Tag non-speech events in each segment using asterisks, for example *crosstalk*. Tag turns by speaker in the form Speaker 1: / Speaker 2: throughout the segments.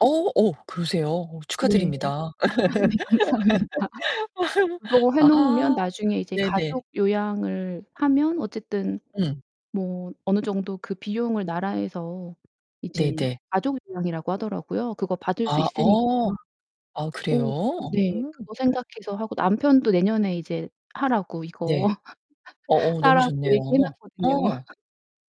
Speaker 1: 어, 어. 그러세요? 어,
Speaker 2: 네.
Speaker 1: 축하드립니다.
Speaker 2: 아, 네. 감사합니다. *laughs*
Speaker 1: *laughs*
Speaker 2: 그거 해 놓으면
Speaker 1: 아,
Speaker 2: 나중에 이제
Speaker 1: 네네.
Speaker 2: 가족 요양을 하면 어쨌든
Speaker 1: 음.
Speaker 2: 뭐 어느 정도 그 비용을 나라에서 이제
Speaker 1: 네 네.
Speaker 2: 가족 요양이라고 하더라고요. 그거 받을 수
Speaker 1: 아,
Speaker 2: 있으니까
Speaker 1: 어. 아,
Speaker 2: 어,
Speaker 1: 그래요?
Speaker 2: 네.
Speaker 1: 음.
Speaker 2: 그거 생각해서 하고 남편도 내년에 이제 하라고, 이거.
Speaker 1: 네. 어
Speaker 2: *laughs*
Speaker 1: 어 너무
Speaker 2: 따라고
Speaker 1: 좋네요.
Speaker 2: 얘기해 놨거든요.
Speaker 1: 어.
Speaker 2: *laughs*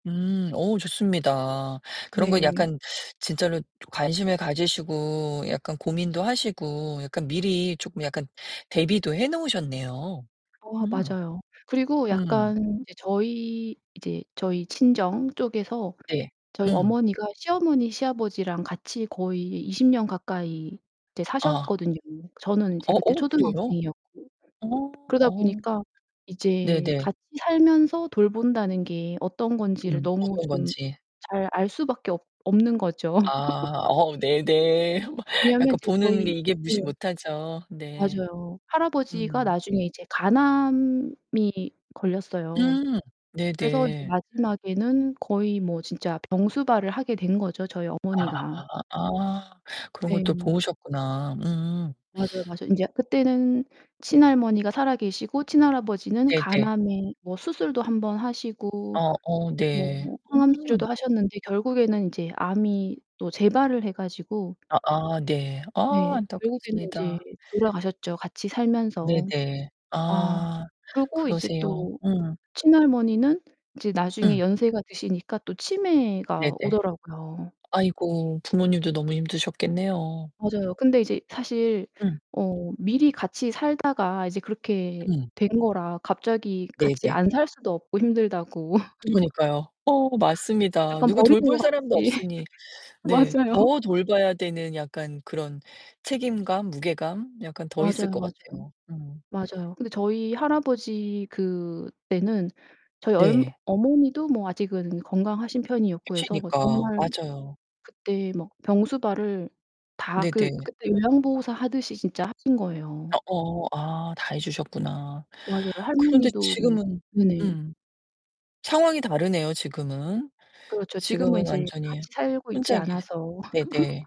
Speaker 1: 음, 오우 좋습니다. 그런 건
Speaker 2: 네.
Speaker 1: 약간 진짜로 관심을 가지시고 약간 고민도 하시고 약간 미리 쪼끔 약간 대비도 해 놓으셨네요.
Speaker 2: 어
Speaker 1: 음.
Speaker 2: 맞아요. 그리고
Speaker 1: 음.
Speaker 2: 약간 이제 저희 이제 저희 친정 쪽에서
Speaker 1: 네.
Speaker 2: 저희
Speaker 1: 음.
Speaker 2: 어머니가 시어머니, 시아버지랑 같이 거의 20 년 가까이 이제
Speaker 1: 어. 어.
Speaker 2: 사셨거든요. 저는 이제 그때
Speaker 1: 오, 그래요?
Speaker 2: 초등학생이었고.
Speaker 1: 어
Speaker 2: 그러다
Speaker 1: 어.
Speaker 2: 보니까 이제
Speaker 1: 네네.
Speaker 2: 같이 살면서 돌본다는 게 어떤 건지를
Speaker 1: 음,
Speaker 2: 너무
Speaker 1: 어떤
Speaker 2: 좀
Speaker 1: 건지.
Speaker 2: 잘 알 수 밖에 없 없는 거죠.
Speaker 1: 아,
Speaker 2: *laughs*
Speaker 1: 어 네 네. *laughs*
Speaker 2: 왜냐면
Speaker 1: 약간
Speaker 2: 이제
Speaker 1: 보는 게
Speaker 2: 저희
Speaker 1: 이게 무시
Speaker 2: 예.
Speaker 1: 못하죠. 네.
Speaker 2: 맞아요. 할아버지가
Speaker 1: 음.
Speaker 2: 나중에 이제 간암이 걸렸어요.
Speaker 1: 음. 네
Speaker 2: 그래서 이제
Speaker 1: 네.
Speaker 2: 마지막에는 거의 뭐 진짜 병수발을 하게 된 거죠, 저희
Speaker 1: 아,
Speaker 2: 어머니가.
Speaker 1: 아. 그런 것도
Speaker 2: 네.
Speaker 1: 보셨구나. 음.
Speaker 2: 맞아요, 맞아요. 인제 그때는 친할머니가 살아 계시고 친할아버지는
Speaker 1: 네 네.
Speaker 2: 간암에 뭐 수술도 1 번 하시고
Speaker 1: 어 어, 네.
Speaker 2: 뭐
Speaker 1: 음.
Speaker 2: 항암치료도 하셨는데 결국에는 인제 암이 또 재발을 해 가지고
Speaker 1: 아아. 네. 아,
Speaker 2: 네. 결국에는 인제
Speaker 1: 안타깝습니다.
Speaker 2: 돌아가셨죠, 같이
Speaker 1: 네
Speaker 2: 살면서.
Speaker 1: 네.
Speaker 2: 아.
Speaker 1: 아,
Speaker 2: 그러고 이제
Speaker 1: 그러세요.
Speaker 2: 또
Speaker 1: 음.
Speaker 2: 친할머니는 이제 나중에
Speaker 1: 음.
Speaker 2: 연세가 드시니까 또
Speaker 1: 네
Speaker 2: 치매가
Speaker 1: 네.
Speaker 2: 오더라고요.
Speaker 1: 아이고, 부모님도 너무 힘드셨겠네요.
Speaker 2: 맞아요. 근데 이제 사실
Speaker 1: 음.
Speaker 2: 어 미리 같이 살다가 이제 그렇게
Speaker 1: 음.
Speaker 2: 된 거라 갑자기
Speaker 1: 네
Speaker 2: 같이
Speaker 1: 네.
Speaker 2: 안 살 수도 없고 힘들다고. *laughs*
Speaker 1: 부모니까요. 어, 맞습니다.
Speaker 2: 약간
Speaker 1: 누구
Speaker 2: 버리는
Speaker 1: 돌볼
Speaker 2: 것
Speaker 1: 사람도
Speaker 2: 같이. *laughs*
Speaker 1: 없으니 네.
Speaker 2: 맞아요.
Speaker 1: 더
Speaker 2: *laughs*
Speaker 1: 돌봐야 되는 약간 그런 책임감, 무게감? 약간 더 있을
Speaker 2: 맞아요,
Speaker 1: 것
Speaker 2: 맞아요.
Speaker 1: 같아요. 음.
Speaker 2: 맞아요. 근데 저희 할아버지 그때는 저희 얼
Speaker 1: 네.
Speaker 2: 어머니도 뭐 아직은 건강하신 편이었고
Speaker 1: *unintelligible*
Speaker 2: 해서 뭐
Speaker 1: 니까.
Speaker 2: 정말
Speaker 1: 맞아요.
Speaker 2: 그때 막 병수발을 다 그
Speaker 1: 네네.
Speaker 2: 그때 요양보호사 하듯이 진짜 하신
Speaker 1: 아,
Speaker 2: 거예요.
Speaker 1: 어. 아, 다 해 주셨구나.
Speaker 2: 맞아요.
Speaker 1: 그런데
Speaker 2: 할머니도 뭐
Speaker 1: 지금은
Speaker 2: 네네.
Speaker 1: 음. 상황이 다르네요, 지금은.
Speaker 2: 그렇죠. 지금은
Speaker 1: 지금은
Speaker 2: 이제
Speaker 1: 완전히
Speaker 2: 같이 살고
Speaker 1: 혼자
Speaker 2: 있지
Speaker 1: 계세
Speaker 2: 않아서.
Speaker 1: 네 네.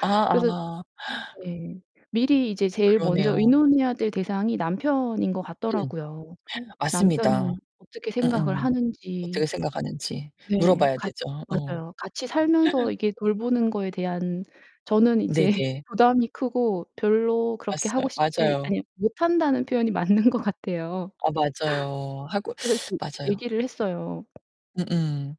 Speaker 1: 아
Speaker 2: 그래서
Speaker 1: 아. *gasps*
Speaker 2: 네. 미리 이제 제일 먼저
Speaker 1: 그러네요.
Speaker 2: 의논해야 될 대상이 남편인 것
Speaker 1: 음.
Speaker 2: 같더라고요.
Speaker 1: *gasps* 맞습니다.
Speaker 2: 남편은 어떻게 생각을
Speaker 1: 음음.
Speaker 2: 하는지.
Speaker 1: 어떻게 생각하는지
Speaker 2: 네.
Speaker 1: 물어봐야
Speaker 2: 같
Speaker 1: 되죠. 어.
Speaker 2: 맞아요. 같이 살면서
Speaker 1: *laughs*
Speaker 2: 이게 돌보는 거에 대한 저는
Speaker 1: 네
Speaker 2: 이제
Speaker 1: 네.
Speaker 2: 부담이 크고 별로 그렇게
Speaker 1: 맞서
Speaker 2: 하고 싶지
Speaker 1: 맞아요.
Speaker 2: 아니 못한다는 표현이 맞는 것 같아요.
Speaker 1: 아, 맞아요. 하고
Speaker 2: 그래서 그
Speaker 1: 맞아요.
Speaker 2: 얘기를 했어요.
Speaker 1: 음음.